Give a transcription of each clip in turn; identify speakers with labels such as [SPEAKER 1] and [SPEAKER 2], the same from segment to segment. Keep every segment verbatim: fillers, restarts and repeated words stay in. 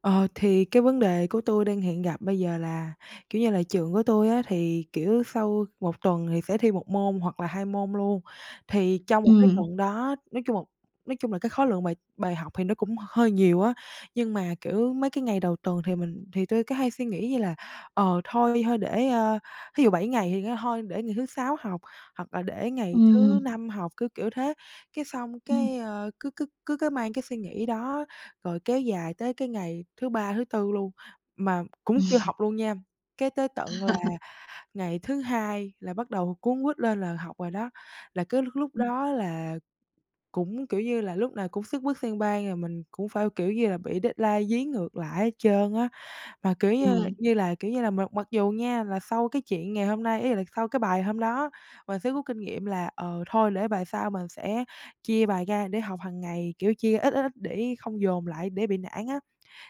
[SPEAKER 1] Ờ, thì cái vấn đề của tui đang hiện gặp bây giờ là, kiểu như là, trường của tui á, thì, kiểu, sau một tuần thì sẽ thi một môn hoặc là hai môn luôn. Thì trong một cái
[SPEAKER 2] Ừm.
[SPEAKER 1] tuần đó, nói chung một nói chung là cái khối lượng bài bài học thì nó cũng hơi nhiều á. Nhưng mà, kiểu, mấy cái ngày đầu tuần thì mình thì tui cứ hay suy nghĩ như là, ờ, thôi thôi để, à, thí dụ bảy ngày thì kêu thôi để ngày thứ Sáu học, hoặc là để ngày thứ
[SPEAKER 2] Ừm.
[SPEAKER 1] Năm học. Cứ kiểu thế. Cái xong
[SPEAKER 2] Ừm.
[SPEAKER 1] cái, à, cứ cứ cứ cứ mang cái suy nghĩ đó, rồi kéo dài tới cái ngày thứ Ba, thứ Tư luôn mà cũng chưa
[SPEAKER 2] Ừm.
[SPEAKER 1] học luôn nha. Cái tới tận là ngày thứ Hai là bắt đầu cuống quýt lên là học rồi đó. Là cứ lúc lúc
[SPEAKER 2] Ừm.
[SPEAKER 1] đó là cũng, kiểu như là, lúc nào cũng xất bất xang bang, rồi mình cũng phải, kiểu như là, bị deadline dí ngược lại hết trơn á. Mà kiểu như
[SPEAKER 2] Ừm.
[SPEAKER 1] như là kiểu như là mặc mặc dù nha, là sau cái chuyện ngày hôm nay ý là sau cái bài hôm đó, mình sẽ rút kinh nghiệm là, ờ, thôi để bài sau mình sẽ chia bài ra để học hàng ngày. Kiểu chia ít, ít, ít để không dồn lại để bị nản á.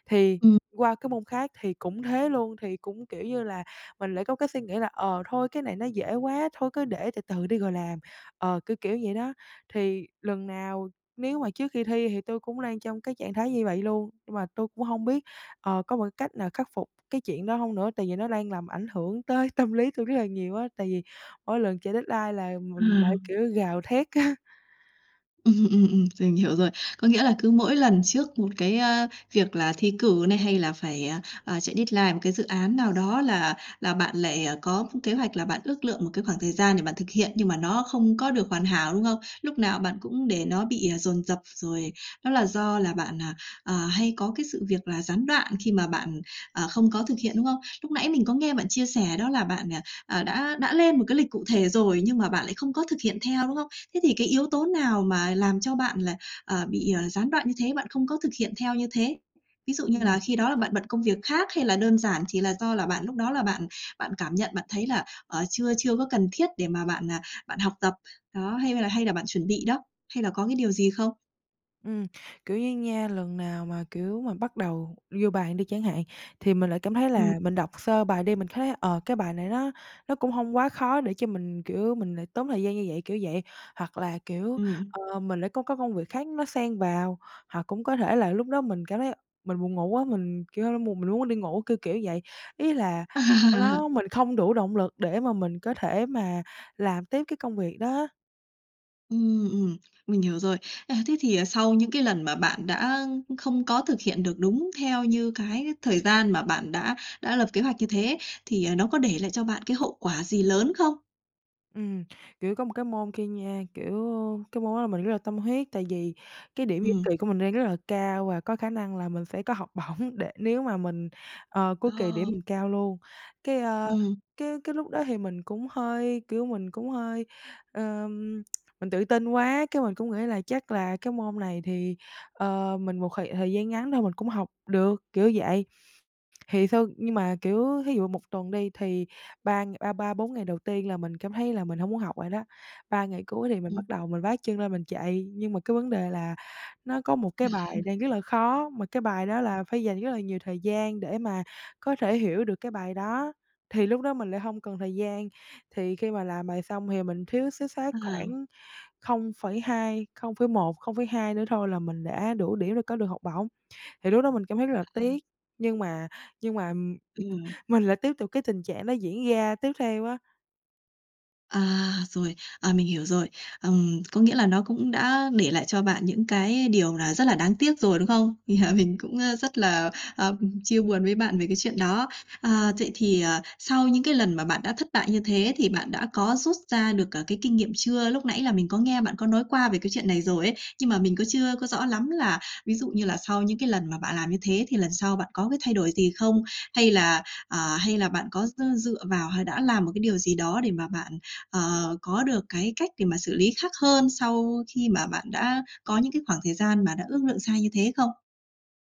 [SPEAKER 1] Thì
[SPEAKER 2] Ừm.
[SPEAKER 1] qua cái môn khác thì cũng thế luôn. Thì cũng, kiểu như là, mình lại có cái suy nghĩ là, ờ, thôi cái này nó dễ quá, thôi cứ để từ từ đi rồi làm. Ờ, kiểu kiểu vậy đó. Thì lần nào, nếu mà trước khi thi thì tui cũng đang trong cái trạng thái như vậy luôn. Nhưng mà tui cũng hông biết, ờ, có một cách nào khắc phục cái chuyện đó hông nữa. Tại vì nó đang làm ảnh hưởng tới tâm lý tui rất là nhiều á. Tại vì mỗi lần chạy deadline là mình lại,
[SPEAKER 2] À!
[SPEAKER 1] kiểu, gào thét á.
[SPEAKER 2] Ừm, ừm, ừm. Mình hiểu rồi. Có nghĩa là cứ mỗi lần trước một cái, a, việc là thi cử này, hay là phải, à, à, chạy deadline một cái dự án nào đó, là là bạn lại có kế hoạch là bạn ước lượng một cái khoảng thời gian để bạn thực hiện, nhưng mà nó không có được hoàn hảo, đúng không? Lúc nào bạn cũng để nó bị dồn dập. Rồi đó là do là bạn, à, à, hay có cái sự việc là gián đoạn khi mà bạn, à, không có thực hiện, đúng không? Lúc nãy mình có nghe bạn chia sẻ đó là bạn, à, à, đã đã lên một cái lịch cụ thể rồi, nhưng mà bạn lại không có thực hiện theo, đúng không? Thế thì cái yếu tố nào mà làm cho bạn là, à, bị gián đoạn như thế, bạn không có thực hiện theo như thế? Ví dụ như
[SPEAKER 1] Ừm.
[SPEAKER 2] là khi đó là bạn bận công việc khác, hay là đơn giản chỉ là do là bạn lúc đó là bạn bạn cảm nhận bạn thấy là, ờ, chưa chưa có cần thiết để mà bạn, à, bạn học tập? Đó. Hay là hay là bạn chuẩn bị đó? Hay là có cái điều gì không?
[SPEAKER 1] Ừm, kiểu như nha, lần nào mà, kiểu, mà bắt đầu vô bàn đi chẳng hạn, thì mình lại cảm thấy
[SPEAKER 2] Ừm.
[SPEAKER 1] là mình đọc sơ bài đi. Mình thấy, ờ, cái bài này nó nó cũng hông quá khó để cho mình, kiểu, mình lại tốn thời gian như vậy, kiểu vậy. Hoặc là, kiểu,
[SPEAKER 2] Ừm.
[SPEAKER 1] ờ, mình lại có cái công việc khác nó xen vào. Hoặc cũng có thể là lúc đó mình cảm thấy mình buồn ngủ quá, kiểu, mùng mình luôn muốn đi ngủ, kiểu kiểu vậy. Ý là ờ, đó, mình không đủ động lực để mà mình có thể mà làm tiếp cái công việc đó á.
[SPEAKER 2] Ừm, ừm. Mình hiểu rồi. À, thế thì sau những cái lần mà bạn đã không có thực hiện được đúng theo như cái thời gian mà bạn đã đã lập kế hoạch như thế ấy, thì nó có để lại cho bạn cái hậu quả gì lớn không?
[SPEAKER 1] Ừm, kiểu, có một cái môn kia nha, kiểu, cái môn đó mình rất là tâm huyết. Tại vì cái điểm giữa
[SPEAKER 2] Ừm.
[SPEAKER 1] kỳ của mình đang rất là cao và có khả năng là mình sẽ có học bổng, để nếu mà mình, à, cuối kỳ
[SPEAKER 2] Ờ.
[SPEAKER 1] điểm mình cao luôn. Cái, à,
[SPEAKER 2] Ừm.
[SPEAKER 1] cái cái lúc đó thì mình cũng hơi, kiểu, mình cũng hơi, ờ, mình tự tin quá. Cái mình cũng nghĩ là chắc là cái môn này thì, ờ, mình một thời thời gian ngắn thôi mình cũng học được, kiểu vậy. Thì sau nhưng mà, kiểu, thí dụ một tuần đi, thì ba ba ba bốn ngày đầu tiên là mình cảm thấy là mình hông muốn học rồi đó. ba ngày cuối thì mình bắt
[SPEAKER 2] Ừm.
[SPEAKER 1] đầu mình vác chân lên mình chạy. Nhưng mà cái vấn đề là nó có một cái bài đang rất là khó, mà cái bài đó là phải dành rất là nhiều thời gian để mà có thể hiểu được cái bài đó. Thì lúc đó mình lại hông còn thời gian. Thì khi mà làm bài xong thì mình thiếu suýt soát
[SPEAKER 2] À!
[SPEAKER 1] khoảng không phẩy hai không phẩy một, không phẩy hai nữa thôi là mình đã đủ điểm để có được học bổng. Thì lúc đó mình cảm thấy rất là
[SPEAKER 2] À, à!
[SPEAKER 1] tiếc, nhưng mà nhưng mà, ừm, ừm,
[SPEAKER 2] Ừm.
[SPEAKER 1] mình lại tiếp tục cái tình trạng đó diễn ra tiếp theo á.
[SPEAKER 2] À, rồi! À, mình hiểu rồi. Ừm, có nghĩa là nó cũng đã để lại cho bạn những cái điều là rất là đáng tiếc rồi, đúng không? Yeah, mình cũng, à, rất là, à, chia buồn với bạn về cái chuyện đó. À, vậy thì, à, sau những cái lần mà bạn đã thất bại như thế, thì bạn đã có rút ra được, à, cái kinh nghiệm chưa? Lúc nãy là mình có nghe bạn có nói qua về cái chuyện này rồi ấy. Nhưng mà mình cứ chưa có rõ lắm là, ví dụ như là sau những cái lần mà bạn làm như thế thì lần sau bạn có cái thay đổi gì không? Hay là à, hay là bạn có, ờ, dựa vào, hay đã làm một cái điều gì đó để mà bạn, ờ, có được cái cách để mà xử lý khác hơn sau khi mà bạn đã có những cái khoảng thời gian mà đã ước lượng sai như thế không?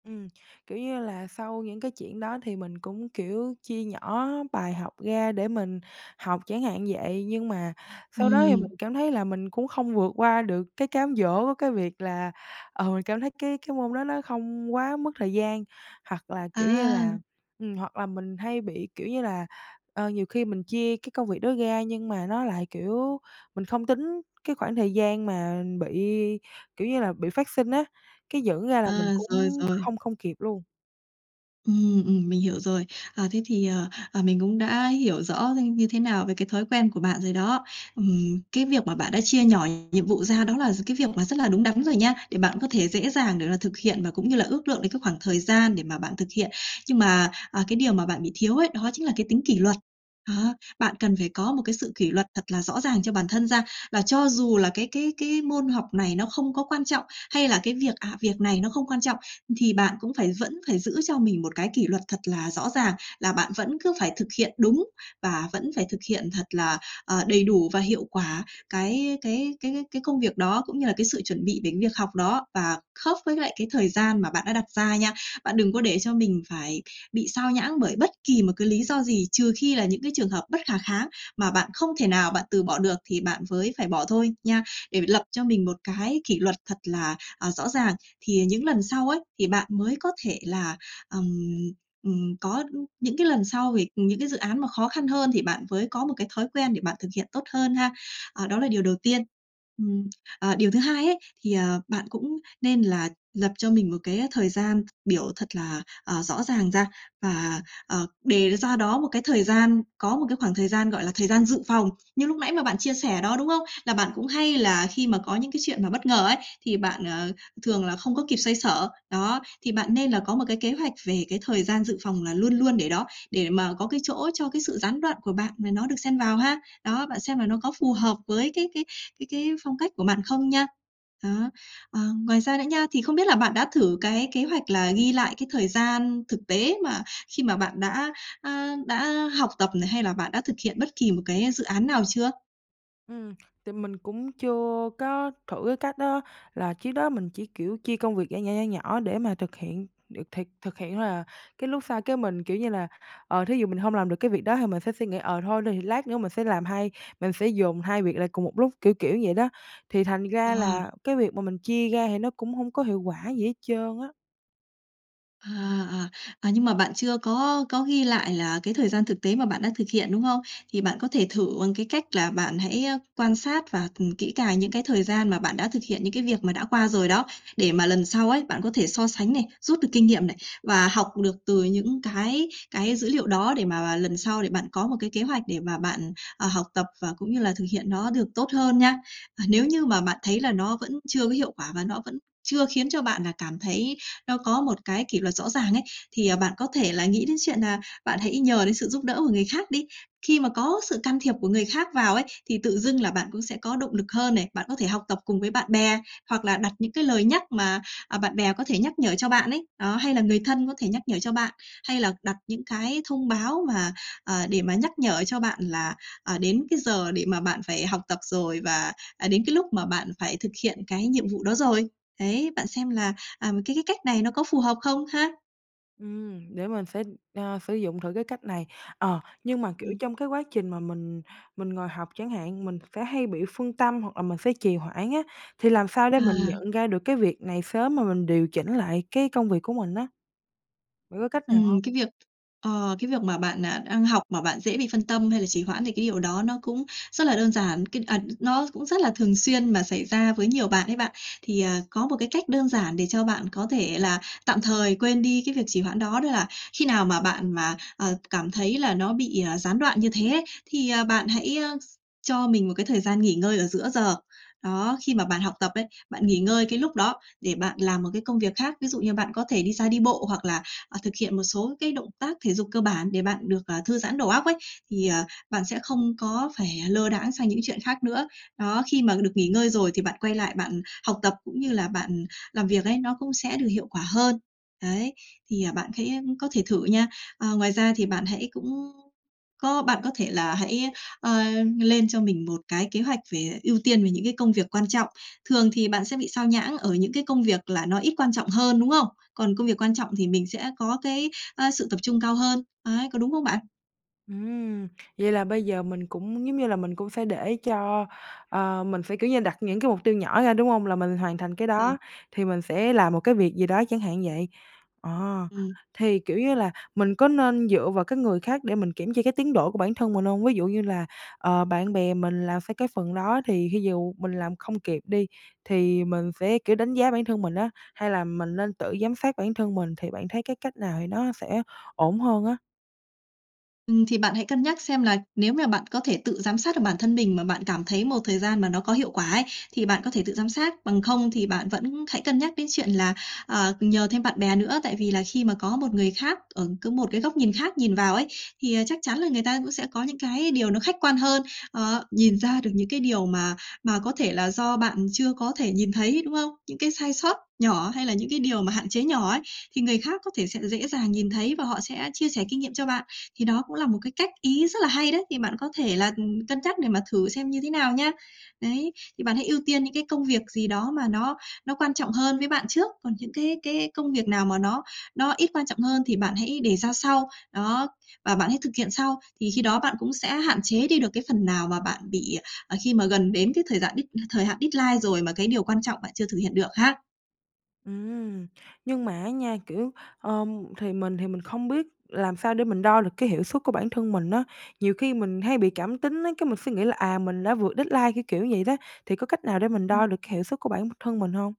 [SPEAKER 1] Ừm, kiểu như là sau những cái chuyện đó thì mình cũng, kiểu, chia nhỏ bài học ra để mình học, chẳng hạn vậy. Nhưng mà sau đó thì mình
[SPEAKER 2] Ừm.
[SPEAKER 1] cảm thấy là mình cũng không vượt qua được cái cám dỗ cái việc là, ờ, mình cảm thấy cái cái môn đó nó không quá mất thời gian. Hoặc là kiểu như là
[SPEAKER 2] À!
[SPEAKER 1] ừm, hoặc là mình hay bị, kiểu như là, ờ, nhiều khi mình chia cái công việc đó ra, nhưng mà nó lại, kiểu, mình không tính cái khoảng thời gian mà bị, kiểu như là, bị phát sinh á. Cái dẫn ra là mình
[SPEAKER 2] À, rồi,
[SPEAKER 1] cũng
[SPEAKER 2] rồi.
[SPEAKER 1] không không kịp luôn.
[SPEAKER 2] Ừm, ừm, mình hiểu rồi. À, thế thì, à, à, mình cũng đã hiểu rõ hơn như thế nào về cái thói quen của bạn rồi đó. Ừm, cái việc mà bạn đã chia nhỏ nhiệm vụ ra đó là gi cái việc mà rất là đúng đắn rồi nha. Để bạn có thể dễ dàng để là thực hiện và cũng như là ước lượng được các khoảng thời gian để mà bạn thực hiện. Nhưng mà, à, cái điều mà bạn bị thiếu ấy, đó chính là cái tính kỷ luật. Đó, bạn cần phải có một cái sự kỷ luật thật là rõ ràng cho bản thân ra. Và cho dù là cái cái cái môn học này nó không có quan trọng hay là cái việc ạ, việc này nó không quan trọng, thì bạn cũng phải vẫn phải giữ cho mình một cái kỷ luật thật là rõ ràng. Là bạn vẫn cứ phải thực hiện đúng và vẫn phải thực hiện thật là, à, đầy đủ và hiệu quả cái cái cái cái công việc đó, cũng như là cái sự chuẩn bị đến việc học đó và khớp với lại cái thời gian mà bạn đã đặt ra nha. Bạn đừng có để cho mình phải bị sao nhãng bởi bất kỳ một cái lý do gì. Trừ khi là những cái trường hợp bất khả kháng mà bạn không thể nào bạn từ bỏ được, thì bạn mới phải bỏ thôi, nha. Để phải lập cho mình một cái kỷ luật thật là, à, rõ ràng, thì những lần sau ấy, thì bạn mới có thể là ừm, ừm, có những cái sau vì những cái dự án mà khó khăn hơn thì bạn mới có một cái thói quen để bạn thực hiện tốt hơn ha. À, đó là điều đầu tiên. Ừm, à, điều thứ hai ấy, thì, à, bạn cũng nên là lập cho mình một cái thời gian biểu thật là, à, rõ ràng ra và, à, đề ra đó một cái thời gian có một cái khoảng thời gian, gọi là, thời gian dự phòng. Như lúc nãy mà bạn chia sẻ đó, đúng không? Là bạn cũng hay là khi mà có những cái chuyện mà bất ngờ ấy, thì bạn, ờ, thường là không có kịp xoay xở. Đó, thì bạn nên là có một cái kế hoạch về cái thời gian dự phòng là luôn luôn để đó, để mà có cái chỗ cho cái sự gián đoạn của bạn mà nó được xen vào ha. Đó, bạn xem là nó có phù hợp với cái cái cái cái phong cách của bạn không nha. Đó, ờ, ngoài ra nữa nha, thì không biết là bạn đã thử cái kế hoạch là ghi lại cái thời gian thực tế mà khi mà bạn đã, a, đã học tập này, hay là bạn đã thực hiện bất kỳ một cái dự án nào chưa?
[SPEAKER 1] Ừm. Tại mình cũng chưa có thử cái cách đó. Là trước đó mình chỉ, kiểu, chia công việc nhỏ, nhỏ, nhỏ, nhỏ để mà thực hiện. Được thiệt thực hiện thôi à, cái lúc sau cái mình, kiểu như là, ờ, thí dụ mình hông làm được cái việc đó thì mình sẽ suy nghĩ: ờ, thôi thì lát nữa mình sẽ làm hai mình sẽ dồn hai việc lại cùng một lúc, kiểu, kiểu vậy đó. Thì thành ra
[SPEAKER 2] À.
[SPEAKER 1] là, cái việc mà mình chia ra thì nó cũng hông có hiệu quả gì hết trơn á.
[SPEAKER 2] À, à! À, nhưng mà bạn chưa có có ghi lại là cái thời gian thực tế mà bạn đã thực hiện, đúng không? Thì bạn có thể thử bằng cái cách là bạn hãy, à, quan sát và, ừm, kỹ càng những cái thời gian mà bạn đã thực hiện những cái việc mà đã qua rồi đó. Để mà lần sau ấy, bạn có thể so sánh này, rút được kinh nghiệm này và học được từ những cái cái dữ liệu đó. Để mà mà lần sau để bạn có một cái kế hoạch để mà bạn, à, học tập và cũng như là thực hiện nó được tốt hơn nha. Và nếu như mà bạn thấy là nó vẫn chưa có hiệu quả và nó vẫn chưa khiến cho bạn là cảm thấy nó có một cái kỷ luật rõ ràng ấy, thì, à, bạn có thể là nghĩ đến chuyện là bạn hãy nhờ đến sự giúp đỡ của người khác đi. Khi mà có sự can thiệp của người khác vào ấy, thì tự dưng là bạn cũng sẽ có động lực hơn này. Bạn có thể học tập cùng với bạn bè hoặc là đặt những cái lời nhắc mà, à, bạn bè có thể nhắc nhở cho bạn ấy. Đó. Hay là người thân có thể nhắc nhở cho bạn hay là đặt những cái thông báo mà, à, để mà nhắc nhở cho bạn là, à, đến cái giờ để mà bạn phải học tập rồi và, à, đến cái lúc mà bạn phải thực hiện cái nhiệm vụ đó rồi. Đấy, bạn xem là, à, m cái cái cách này nó có phù hợp không ha?
[SPEAKER 1] Ừm, để mình sẽ, à, sử dụng thử cái cách này. Ờ, nhưng mà, kiểu,
[SPEAKER 2] Ừm.
[SPEAKER 1] trong cái quá trình mà mình mình ngồi học chẳng hạn, mình sẽ hay bị phân tâm hoặc là mình sẽ trì hoãn á. Thì làm sao để mình
[SPEAKER 2] À!
[SPEAKER 1] nhận ra được cái việc này sớm mà mình điều chỉnh lại cái công việc của mình á? Bạn có cách nào hông?
[SPEAKER 2] Ừm, cái việc ờ, cái việc mà bạn, à, đang học mà bạn dễ bị phân tâm hay là trì hoãn, thì cái điều đó nó cũng rất là đơn giản. Cái à, nó cũng rất là thường xuyên mà xảy ra với nhiều bạn ấy bạn. Thì, à, có một cách đơn giản để cho bạn có thể là tạm thời quên đi cái việc trì hoãn. Đó là khi nào mà bạn mà, à, cảm thấy là nó bị gián đoạn như thế ấy, thì bạn hãy s cho mình một cái thời gian nghỉ ngơi ở giữa giờ. Đó, khi mà bạn học tập ấy, bạn nghỉ ngơi cái lúc đó để bạn làm một cái công việc khác. Ví dụ như bạn có thể đi ra đi bộ hoặc là, à, thực hiện một số cái động tác thể dục cơ bản để bạn được, ờ, thư giãn đầu óc ấy. Thì, à, bạn sẽ không có phải lơ đãng sang những chuyện khác nữa. Đó, khi mà được nghỉ ngơi rồi thì bạn quay lại bạn học tập cũng như là bạn làm việc ấy, nó cũng sẽ được hiệu quả hơn. Đấy, thì bạn khẽ có thể thử nha. À, ngoài ra, thì bạn hãy cũng có bạn có thể là hãy, à, lên cho mình một cái kế hoạch về ưu tiên về những cái công việc quan trọng. Thường thì bạn sẽ bị sao nhãng ở những cái công việc là nó ít quan trọng hơn, đúng không? Còn công việc quan trọng thì mình sẽ có cái, à, sự tập trung cao hơn. Đấy, có đúng không bạn?
[SPEAKER 1] Ừm, vậy là bây giờ mình cũng giống như là mình cũng sẽ để cho à, mình sẽ, kiểu như, đặt những cái mục tiêu nhỏ ra, đúng hông? Là mình hoàn thành cái
[SPEAKER 2] Ờ.
[SPEAKER 1] đó thì mình sẽ làm một cái việc gì đó, chẳng hạn vậy. Ờ,
[SPEAKER 2] Ừm.
[SPEAKER 1] thì, kiểu như là, mình có nên dựa vào cái người khác để mình kiểm tra cái tiến độ của bản thân mình hông? Ví dụ như là, ờ, bạn bè mình là phải cái phần đó thì thí dụ mình làm không kịp đi, thì mình phải, kiểu, đánh giá bản thân mình á? Hay là mình nên tự giám sát bản thân mình? Thì bạn thấy cái cách nào thì nó sẽ ổn hơn á?
[SPEAKER 2] Ừm, thì bạn hãy cân nhắc xem là nếu mà bạn có thể tự giám sát được bản thân mình mà bạn cảm thấy một thời gian mà nó có hiệu quả ấy, thì bạn có thể tự giám sát. Bằng không thì bạn vẫn hãy cân nhắc đến chuyện là, à, nhờ thêm bạn bè nữa. Tại vì là khi mà có một người khác ở có một cái góc nhìn khác nhìn vào ấy, thì chắc chắn là người ta cũng sẽ có những cái điều nó khách quan hơn, ờ, nhìn ra được những cái điều mà mà có thể là do bạn chưa có thể nhìn thấy, đúng không? Những cái sai sót nhỏ hay là những cái điều mà hạn chế nhỏ ấy, thì người khác có thể sẽ dễ dàng nhìn thấy và họ sẽ chia sẻ kinh nghiệm cho bạn. Thì đó cũng là một cách ý rất là hay đấy. Thì bạn có thể là, ừm, cân nhắc để mà thử xem như thế nào nha. Đấy, thì bạn hãy ưu tiên những cái công việc gì đó mà nó nó quan trọng hơn với bạn trước. Còn những cái cái công việc nào mà nó nó ít quan trọng hơn, thì bạn hãy để ra sau. Đó. Và bạn hãy thực hiện sau. Thì khi đó bạn cũng sẽ hạn chế đi được cái phần nào mà bạn bị, à, à, khi mà gần đến cái thời giạn thời hạn deadline rồi mà cái điều quan trọng bạn chưa thực hiện được ha.
[SPEAKER 1] Ừm. Nhưng mà á nha, kiểu, ờ, thì mình thì mình không biết làm sao để mình đo được cái hiệu suất của bản thân mình á. Nhiều khi mình hay bị cảm tính á, cái mình sẽ nghĩ là: à, mình đã vượt deadline, kiểu, kiểu vậy đó. Thì có cách nào để mình
[SPEAKER 2] Ừm.
[SPEAKER 1] đo được hiệu suất của bản b thân mình hông?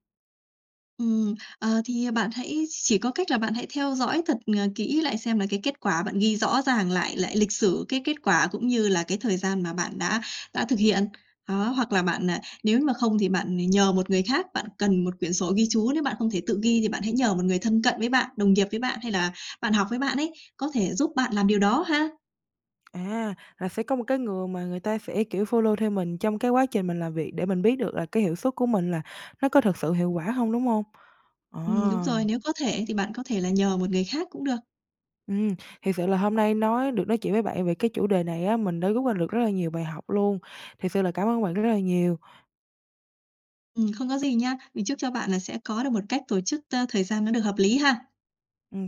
[SPEAKER 2] Ừm. Ờ, thì bạn hãy chỉ có cách là bạn hãy theo dõi thật, à, kỹ lại xem là cái kết quả bạn ghi rõ ràng lại lại lịch sử, cái kết quả cũng như là cái thời gian mà bạn đã đã thực hiện. Đó, hoặc là bạn à, nếu mà không thì bạn nhờ một người khác. Bạn cần một quyển sổ ghi chú. Nếu bạn không thể tự ghi thì bạn hãy nhờ một người thân cận với bạn, đồng nghiệp với bạn, hay là bạn học với bạn ấy, có thể giúp bạn làm điều đó ha.
[SPEAKER 1] À, là sẽ có một cái người mà người ta sẽ, kiểu, follow theo mình trong cái quá trình mình làm việc để mình biết được là cái hiệu suất của mình là nó có thực sự hiệu quả hông, đúng hông? À!
[SPEAKER 2] Ừm, đúng rồi! Nếu có thể thì bạn có thể là nhờ một người khác cũng được.
[SPEAKER 1] Ừm, thiệt sự là hôm nay nói được nói chuyện với bạn về cái chủ đề này á, mình đã rút ra được rất là nhiều bài học luôn. Thiệt sự là cảm ơn bạn rất là nhiều.
[SPEAKER 2] Ừm, không có gì nha. Mình chúc cho bạn là sẽ có được một cách tổ chức, a, thời gian nó được hợp lý ha!
[SPEAKER 1] Ừm, cám